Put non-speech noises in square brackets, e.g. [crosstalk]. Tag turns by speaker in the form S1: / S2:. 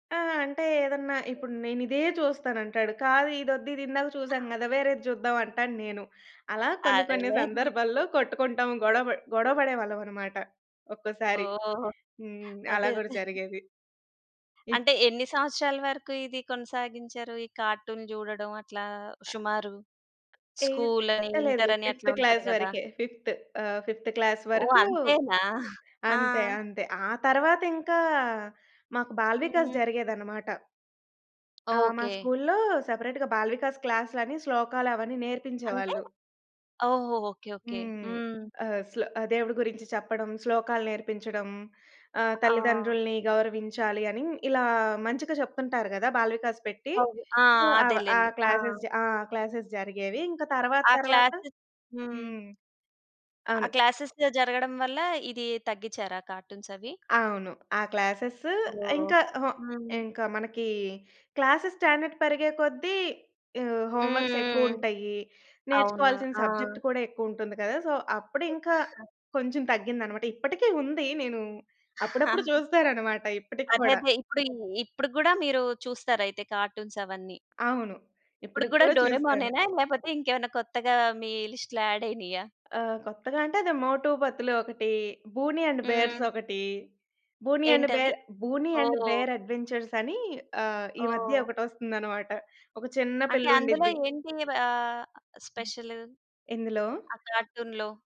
S1: ఆహ్, అంటే ఏదన్నా ఇప్పుడు నేనిదే చూస్తానంటాడు. కాదు ఇదొద్దు ఇదిందాక చూసాం గదా! వేరేది జూద్దాం అంటాను నేను. అలా కొన్ని కొన్ని
S2: అదేలే. [giggles]
S1: సందర్భాల్లో కొట్టుకుంటాం గొడవ బ గొడవ బడేవాళ్ళమన్నమాట. ఒక్కోసారి.
S2: ఓహ్!
S1: హ్మ్. అలా
S2: అదే. అదే.
S1: గూడా
S2: [giggles]
S1: జరిగేది. ఇప్
S2: అంటే ఎన్ని సంవత్సరాల వరకు ఇది కొనసాగించారు. ఈ కార్టూన్ జూడడం అట్లా సుమారు?
S1: ఏ
S2: స్కూలని
S1: లేదు లేదు.
S2: ఇంటరని
S1: ఫిఫ్త్
S2: అట్లా ఉంటది
S1: క్లాస్
S2: గదా!
S1: వరకే ఫిఫ్త్. ఆహ్, ఫిఫ్త్ క్లాస్
S2: ఓహ్!
S1: వరకూ
S2: అంతేనా. [giggles] ఆ!
S1: అంతే. అంతే. ఆ తరువాత ఇంకా మాకు బాల వికాస్
S2: హ్మ్.
S1: జరిగేదన్నమాట. ఆ! మా
S2: ఓకే.
S1: స్కూలులో సెపరేట్‌గా బాల వికాస్ క్లాసులని శ్లోకాలవన్నీ
S2: అంటే?
S1: నేర్పించేవాళ్ళు.
S2: ఓహో! ఓకే. ఓకే.
S1: హ్మ్.
S2: హ్మ్.
S1: ఆహ్, శ్లో ఆహ్ దేవుడు గురించి చెప్పడం శ్లోకాలు నేర్పించడం. ఆహ్
S2: ఆ!
S1: తల్లిదండ్రులని గౌరవించాలి అని ఇలా మంచిగా చెప్తుంటారు గదా! బాల వికాస్ పెట్టి.
S2: అవును. ఆ!
S1: సో, అవ ఆ
S2: అదేలెండి. ఆ!
S1: క్లాస్సెస్ జ ఆ! క్లాస్సెస్ జరిగేవి. ఇంకా
S2: ఆ!
S1: తరువాతరువాత.
S2: క్లాసు హ్మ్.
S1: హ్మ్.
S2: ఆ
S1: అవును.
S2: క్లాసేస్ జ జరగడం వల్ల ఇది తగ్గించారా కార్టూన్స్ అవి?
S1: అవును. ఆ క్లాస్సెస్సు
S2: ఓహ్!
S1: ఇంకా అహా!
S2: హ్మ్.
S1: ఇంకా మనకి క్లాస్సెస్ స్టాండర్డ్ పెరిగే కొద్ది ఆహ్,
S2: హ్మ్.
S1: హోమ్ వర్క్స్
S2: హ్మ్. హ్మ్.
S1: ఎక్కువుంటాయి.
S2: అవునా?
S1: నేర్చుకోవాల్సిన
S2: ఆ!
S1: సబ్జెక్ట్ కూడా ఎక్కువుంటుంది కదా! సో, అప్పుడింకా కొంచెం తగ్గిందన్నమాట. ఇప్పటికి ఉంది నేను అప్పుడప్పుడు
S2: [giggles]
S1: చూస్తానన్నమాట. ఇప్పటికి
S2: అదే.
S1: కూడా.
S2: అదే. ఇప్పుడు ఈ ఇప్పుడు గూడా మీరు చుస్తారైతే కార్టూన్స్ అవన్నీ?
S1: అవును.
S2: ఇప్పటికి
S1: ఇప్పటికి
S2: గూడా
S1: కూడా
S2: 'డోరేమోన్'
S1: చూస్తాను.
S2: నేనా లేకపోతే ఇంకేమన్నా కొత్తగా మీ లిస్ట్‌లా యాడ్ అయినాయా?
S1: ఆహ్, కొత్తగా అంటే అది 'మోటు పతులు' ఒకటి, 'బూనీ అండ్ బేర్స్'
S2: హ్మ్.
S1: ఒకటి. 'బూనీ అండ్
S2: ఏంటది?
S1: బేర్', 'బూనీ అండ్
S2: ఓహ్!
S1: బేర్' అడ్వెంచర్స్ అని ఆహ్, ఈ మధ్య
S2: ఓహ్!
S1: ఒకటొస్తుందన్నమాట. ఒక చిన్న
S2: అంటే అందులో
S1: పిల్లండిద్ది.
S2: ఏంటి వ ఆహ్,
S1: హ్మ్.
S2: స్పెషలు?
S1: ఎందులో?
S2: ఆ కార్టూన్‌లో?